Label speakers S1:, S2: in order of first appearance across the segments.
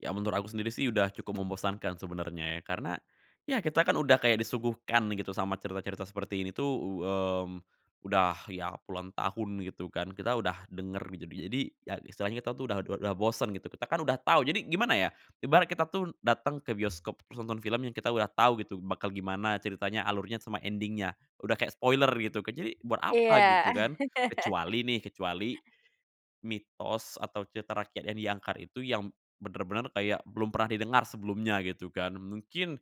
S1: Ya menurut aku sendiri sih udah cukup membosankan sebenarnya ya. Karena, ya kita kan udah kayak disuguhkan gitu sama cerita-cerita seperti ini tuh, u mmm, udah ya puluhan tahun gitu kan kita udah denger. Jadi jadi, ya istilahnya kita tuh dah ud udah bosen gitu, kita kan udah tahu jadi gimana ya, ibarat kita tuh dateng ke bioskop nonton film yang kita udah tahu gitu bakal gimana ceritanya, alurnya, sama ending-nya. Udah kayak spoiler gitu kan, jadi buat apa
S2: Iya.
S1: gitu kan. Kecuali nih, kecuali, mitos atau cerita rakyat yang diangkat itu yang bener-bener kayak belum pernah didengar sebelumnya, gitu kan. Mungkin,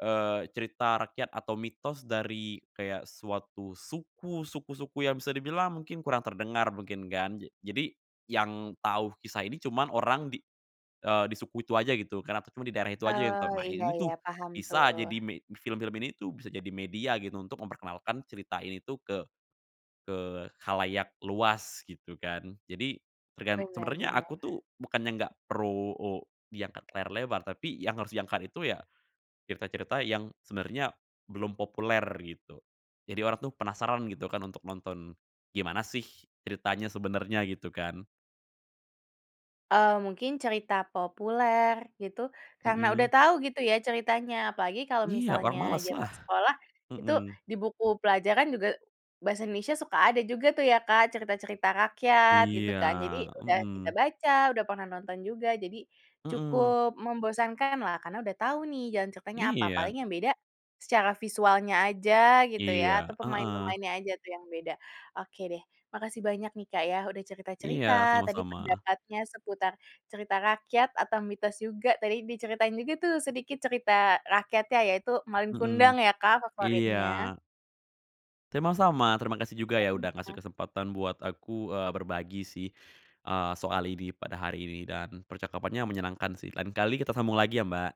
S1: eee, cerita rakyat atau mitos dari kayak suatu suku, suku-suku yang bisa dibilang mungkin kurang terdengar mungkin kan, ja jadi yang tahu kisah ini cuman orang di eee, di suku itu aja gitu karena tuh cuma di daerah itu aja yang
S2: Eee,
S1: pernah
S2: iya
S1: ini
S2: iya.
S1: tuh
S2: Paham
S1: bisa
S2: tuh.
S1: jadi me film-film ini tuh bisa jadi media gitu untuk memperkenalkan cerita ini tuh ke ke khalayak luas gitu kan. Jadi, tergan
S2: Bener
S1: sebenernya
S2: bener.
S1: aku tuh bukannya nggak pro o diangkat ke layar lebar, tapi yang harus diangkat itu ya, cerita-cerita yang sebenernya belum populer gitu. Jadi orang tuh penasaran gitu kan untuk nonton, gimana sih ceritanya sebenernya gitu kan.
S2: Eee, mungkin cerita populer gitu karena udah
S1: Mhm.
S2: tau gitu ya ceritanya, apalagi kalau
S1: Iya, orang
S2: misalnya
S1: malas lah.
S2: zaman sekolah, itu
S1: Mhm.
S2: di buku pelajaran juga bahasa Indonesia suka ada juga tuh ya, Kak, cerita-cerita rakyat gitu
S1: Iya,
S2: kan. Jadi udah kita
S1: mhm.
S2: baca, udah pernah nonton juga, jadi
S1: Mhm.
S2: cukup membosankanlah karena udah tahu nih jalan ceritanya apa.
S1: Iya.
S2: Paling yang beda, secara visualnya aja gitu ya
S1: Iya,
S2: atau
S1: heeh.
S2: pemain-pemainnya aja tuh yang beda. Oke deh, makasih banyak nih Kak ya udah cerita-cerita
S1: Iya,
S2: tadi
S1: sama-sama.
S2: pendapatnya seputar cerita rakyat atau mitos juga. Tadi diceritain juga tuh sedikit cerita rakyatnya, yaitu Malin Kundang
S1: Mhm,
S2: ya Kak
S1: iya.
S2: favoritnya.
S1: Sama-sama, terima kasih juga ya udah ngasih
S2: [unintelligible] Ya.
S1: kesempatan buat aku, eee, berbagi sih, eee, soal ini pada hari ini dan percakapannya menyenangkan sih, lain kali kita sambung lagi ya, Mbak.